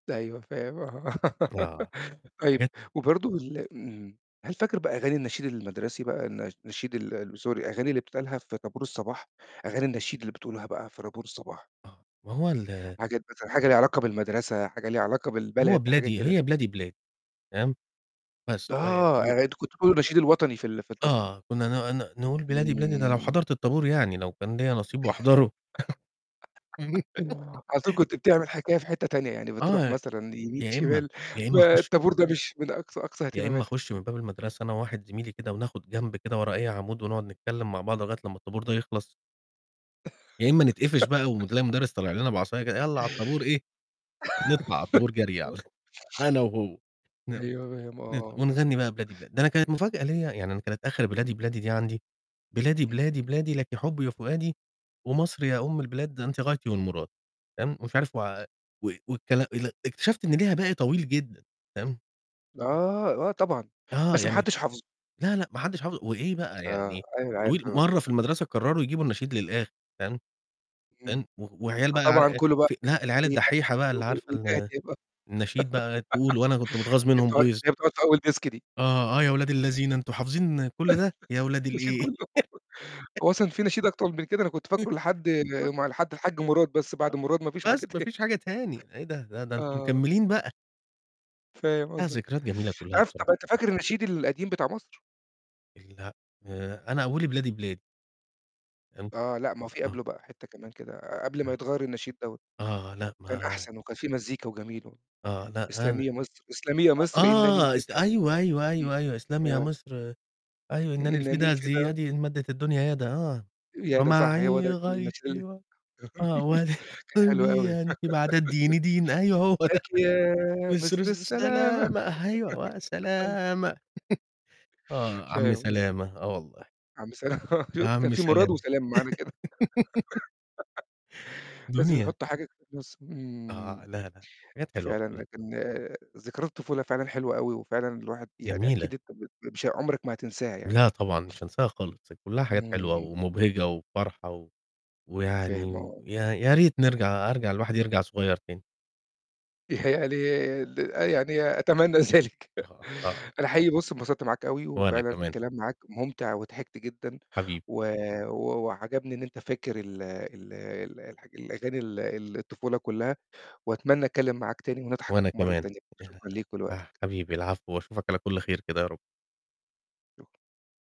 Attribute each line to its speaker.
Speaker 1: أيوه، فاهم، آه.
Speaker 2: آه،
Speaker 1: طيب
Speaker 2: حاجات
Speaker 1: وبرضه ال آمم، هل فاكر بقى أغاني النشيد المدرسي بقى، الن النشيد ال Sorry، الأغاني اللي بتتقالها في طَابور الصباح، أغاني النشيد اللي بتقولوها بقى في طابور الصباح؟
Speaker 2: آه، ما هو ال
Speaker 1: حاجات مثلًا حاجة ليها علاقة بالمدرسة، حاجة ليها علاقة
Speaker 2: هو
Speaker 1: بالبلد، حاجة
Speaker 2: بلادي،
Speaker 1: كده؟
Speaker 2: هي بلادي، بلادي، فاهم؟ بس، و
Speaker 1: آه،
Speaker 2: أو
Speaker 1: آآ أنتم كنتم بتقولوا النشيد الوطني في ال في الطابو
Speaker 2: آه، كنا ن ن نقول بلادي، بلادي ده لو
Speaker 1: امم.
Speaker 2: حضرت الطَابور يعني، لو كان ليّا نصيب واحضره.
Speaker 1: على طول كنت بتعمل حكاية في حتّة تانية، يعني بتروح
Speaker 2: آه،
Speaker 1: مثلًا يمين،
Speaker 2: يا إمّا
Speaker 1: شمال،
Speaker 2: يا
Speaker 1: ب
Speaker 2: إمّا خُش
Speaker 1: الطابور ده مش من أقصى أقصى
Speaker 2: يا إمّا
Speaker 1: اهتماماتك.
Speaker 2: أخُش من باب المدرسة أنا وواحد زميلي كده، وناخد جنب كده ورا أي عمود، ونقعد نتكلّم مع بعض لغايّة لمّا الطَابور ده يخلص. يا إمّا نتقفش بقى، وم تلاقي مدرس طالع لنا بعصاية كده "يالّا على الطابور." إيه؟ نطلع علي الطابور جري عل أنا وهو فاهم،
Speaker 1: أيوه، فاهم، آه،
Speaker 2: ن ن
Speaker 1: آه.
Speaker 2: ونغني بقى بلادي، بلادي. ده أنا كانت مفاجأة ليّا يعني أنا كانت آخر بلادي، بلادي دي عندي: "بلادي،
Speaker 1: امم.
Speaker 2: بلادي، بلادي، لِك حبي وفؤادي، ومصر يا أم البلاد أنتِ غايتي، والمراد." تمام، مش عارف و و والكلا ال اكتشفت إن ليها باقي طويل جدًا، فاهم؟
Speaker 1: آه، آه طبعًا،
Speaker 2: آه،
Speaker 1: بس ما
Speaker 2: يعني
Speaker 1: حدش حافظه.
Speaker 2: لأ، لأ، ما حدش حافظ وإيه بقى
Speaker 1: آه،
Speaker 2: يعني
Speaker 1: أيوه
Speaker 2: طويل
Speaker 1: عارف، آه.
Speaker 2: مرّة في المدرسة قرروا يجيبوا النشيد للآخر، فاهم؟
Speaker 1: امم.
Speaker 2: [unintelligible] و وعيال بقى ع
Speaker 1: فطبعًا
Speaker 2: إيه،
Speaker 1: كلّه بقي
Speaker 2: ف لأ، العيال
Speaker 1: [unintelligible]
Speaker 2: الدحيحة بقى اللي عارفة ال
Speaker 1: هي
Speaker 2: النشيد بقى تقول، وأنا كنت متغاظ منهم
Speaker 1: بتقعد
Speaker 2: غيظ.
Speaker 1: هي بتقعد في أول Desk دي.
Speaker 2: آه، آه، يا ولاد اللذينة، أنتم حافظين كلّ ده، يا ولاد
Speaker 1: نشيد
Speaker 2: الإيه.
Speaker 1: كلّه. هو أصلًا في نشيد أكتر من كده، أنا كنت فاكره لحد م لحد الحاج مراد، بس بعد مراد ما فيش حاجة
Speaker 2: بس ما
Speaker 1: تاني.
Speaker 2: فيش حاجة تاني، إيه ده! ده ده أنتم
Speaker 1: آه.
Speaker 2: مكملين بقى.
Speaker 1: فاهم
Speaker 2: لأ،
Speaker 1: قصدك.
Speaker 2: ذكريات جميلة كلّها
Speaker 1: تعرف
Speaker 2: بصراحة.
Speaker 1: طَب أنت فاكر النشيد القديم بتاع مصر؟
Speaker 2: لأ، آآ أنا أوِّلي بلادي، بلادي. فاهم،
Speaker 1: آه، لأ، ما في
Speaker 2: آه.
Speaker 1: قبله بقى حتّة كمان كده قبل ما
Speaker 2: [unintelligible]
Speaker 1: يتغيّر النشيد دوّة،
Speaker 2: آه، لأ،
Speaker 1: كان
Speaker 2: ما
Speaker 1: أحسن، وكان في مزيكا وجميل و
Speaker 2: آه، لأ، أنا
Speaker 1: اسلمي يا مَصر، إسلمي يا
Speaker 2: أ
Speaker 1: مَصر إنني
Speaker 2: آه،
Speaker 1: الفدا،
Speaker 2: اس أيوه، أيوه،
Speaker 1: امم،
Speaker 2: أيوه، أيوه، اسلمي يا
Speaker 1: ف
Speaker 2: مصر أيوه، "إنني
Speaker 1: إنني
Speaker 2: الفدا، ذي
Speaker 1: الفدا.
Speaker 2: يدي، إن مدت الدنيا يدا." آه.
Speaker 1: ياه! ده صح، هو
Speaker 2: ومعي
Speaker 1: ده كان النشيد
Speaker 2: غايتي،
Speaker 1: ال
Speaker 2: و آه.
Speaker 1: كان حلو أوي.
Speaker 2: ولقلبي أنتِ بعد الدين، دين. أيوه هو ده.
Speaker 1: لكِ يا
Speaker 2: مَصر
Speaker 1: مَصر
Speaker 2: الس
Speaker 1: السلامة.
Speaker 2: السلامة، أيوه،
Speaker 1: [unintelligible]
Speaker 2: وسلامة. آه، عم
Speaker 1: فاهم قصدك
Speaker 2: سلامة، آه والله.
Speaker 1: عم سلا آه،
Speaker 2: يا
Speaker 1: شُفت كان
Speaker 2: عم
Speaker 1: في مراد،
Speaker 2: سلامة.
Speaker 1: وسلامة معانا كده. لازم
Speaker 2: دنيا!
Speaker 1: يحطوا حاجة فالنُص. امم،
Speaker 2: آه. لأ، لأ، حاجات حلوة
Speaker 1: فعلًا،
Speaker 2: كلّها.
Speaker 1: لكن آآ ذكريات الطفولة فعلًا حلوة أوي، وفعلًا الواحد يعني
Speaker 2: جميلة.
Speaker 1: أكيد أنت ب بش عمرك ما هتنساها يعني.
Speaker 2: لأ طبعًا، مش هانساها خالص، كلّها حاجات حلوة
Speaker 1: امم.
Speaker 2: ومُبهجة وفرحة، و
Speaker 1: فاهم،
Speaker 2: ويعني
Speaker 1: آه.
Speaker 2: يا يا ريت نرجع أرجع، الواحد يرجع صغير تاني.
Speaker 1: يعني ال آه، يعني أتمنى ذلك.
Speaker 2: [unintelligible] آه.
Speaker 1: أنا حقيقي بُص، انبسطت معاك أوي،
Speaker 2: وأنا
Speaker 1: وفعلًا
Speaker 2: كمان.
Speaker 1: الكلام معاك مُمتع وضحكت جدًا،
Speaker 2: حبيبي.
Speaker 1: و و وعجبني إن أنت فاكر ال ال الح الأغاني ال ال الطفولة كلّها، وأتمنى أتكلم معاك تاني، ونضحك
Speaker 2: وأنا
Speaker 1: مرّة
Speaker 2: كمان،
Speaker 1: تانية،
Speaker 2: ياه!
Speaker 1: شكرًا ليك
Speaker 2: أ
Speaker 1: ولوقتك.
Speaker 2: حبيبي العفو، وأشوفك على كلّ خير كده يا رب.